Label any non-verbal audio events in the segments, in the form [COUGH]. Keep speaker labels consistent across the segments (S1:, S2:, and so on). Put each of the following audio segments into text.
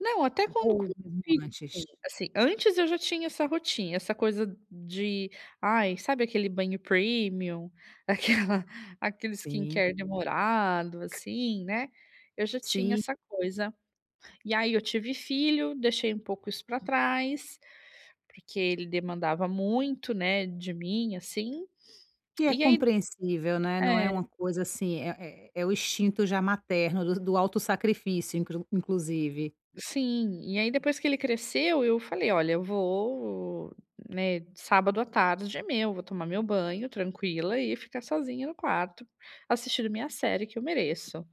S1: Não, até quando com,
S2: Ou [UNINTELLIGIBLE] antes?
S1: [UNINTELLIGIBLE] assim, antes eu já tinha essa rotin essa coisa de, ai, sabe aquele banho premium? Aquela aquele
S2: Sim.
S1: skincare demorado, assim, né. Eu já tinha
S2: Se
S1: essa coisa. E, aí, eu tive filho, deixei um pouco isso pra trás, porque ele demandava muito, né, de mim, assim.
S2: Que
S1: [SMACKS LIPS]
S2: é
S1: E aí
S2: compreensível, né. Não é
S1: É.
S2: uma coisa assim é é é o instinto, já, materno, do do auto sacrifício, incru inclusive.
S1: Sim. E, aí, depois que ele cresceu, eu falei: "Olha, eu vou, né, de sábado à tarde é meu, vou tomar meu banho tranquila e ficar sozinha no quarto, assistindo minha série, que eu mereço".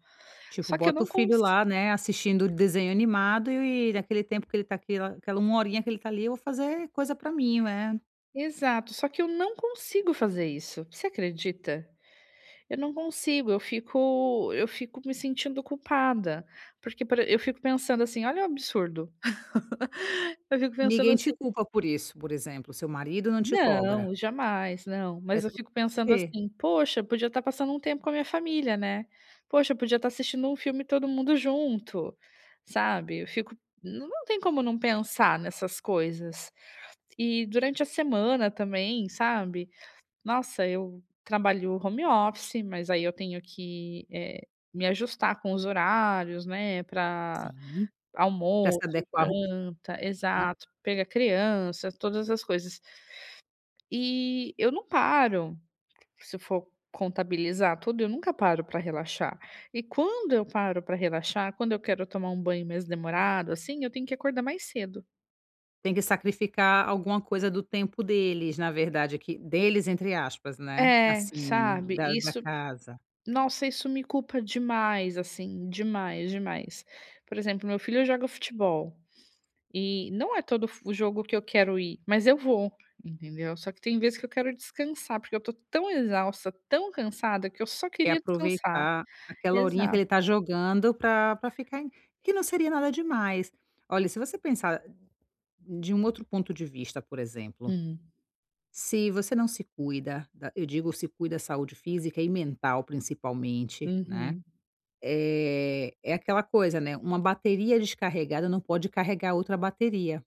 S2: Tipo,
S1: Só que eu
S2: bota o
S1: não
S2: filho
S1: cons
S2: lá, né, assistindo desenho animado e, naquele tempo que ele tá aquela aquela 1 horinha que ele tá ali, eu vou fazer coisa pra mim, né.
S1: Exato. Só, que eu não consigo fazer isso. Você acredita? Eu não consigo, eu fico eu fico me sentindo culpada. Porque, por e eu fico pensando assim, olha o absurdo. [LAUGHS] Eu fico pensando,
S2: Ninguém
S1: assim
S2: te culpa por isso, por exemplo, seu marido não te cobra?
S1: Não. Jamais, não.
S2: É
S1: Mas eu
S2: tudo
S1: fico pensando,
S2: você?
S1: assim: "Poxa, podia tá passando um tempo com a minha família, né. Poxa, podia tá assistindo um filme todo mundo junto", sabe. Eu fico não tem como não pensar nessas coisas. E, durante a semana também, sabe. Nossa, eu trabalho home office, mas, aí, eu tenho que, eh, me ajustar com os horários, né, pra
S2: Sim. Pra se
S1: almoço,
S2: adequar à rotina da
S1: janta.
S2: casa, né.
S1: Exato. Pegar criança, todas as coisas. E eu não paro. Se for contabilizar tudo, eu nunca paro pra relaxar. E quando eu paro pra relaxar, quando eu quero tomar um banho mais demorado, assim, eu tenho que acordar mais cedo.
S2: Tem que sacrificar alguma coisa do tempo deles, na verdade, aqui deles, entre aspas, né,
S1: É,
S2: assim,
S1: sabe.
S2: d, da
S1: Isso,
S2: casa.
S1: nossa, isso me culpa demais, assim, demais, demais. Por exemplo, meu filho joga futebol, e, não é todo f jogo que eu quero ir, mas, eu vou, entendeu. Só, que tem vezes, que eu quero descansar, porque eu tô tão exausta, tão cansada que eu só
S2: Quer
S1: queria descansar.
S2: aproveitar aquela horinha que
S1: Exato.
S2: ele tá jogando pra pra ficar em que não seria nada demais. Olha, se você pensar de um outro ponto de vista, por exemplo.
S1: Hum.
S2: Se você não se cuida, da eu digo se cuida, saúde física e mental, principalmente, né.
S1: Uhum.
S2: Eh, é aquela coisa, né, uma bateria descarregada não pode carregar outra bateria.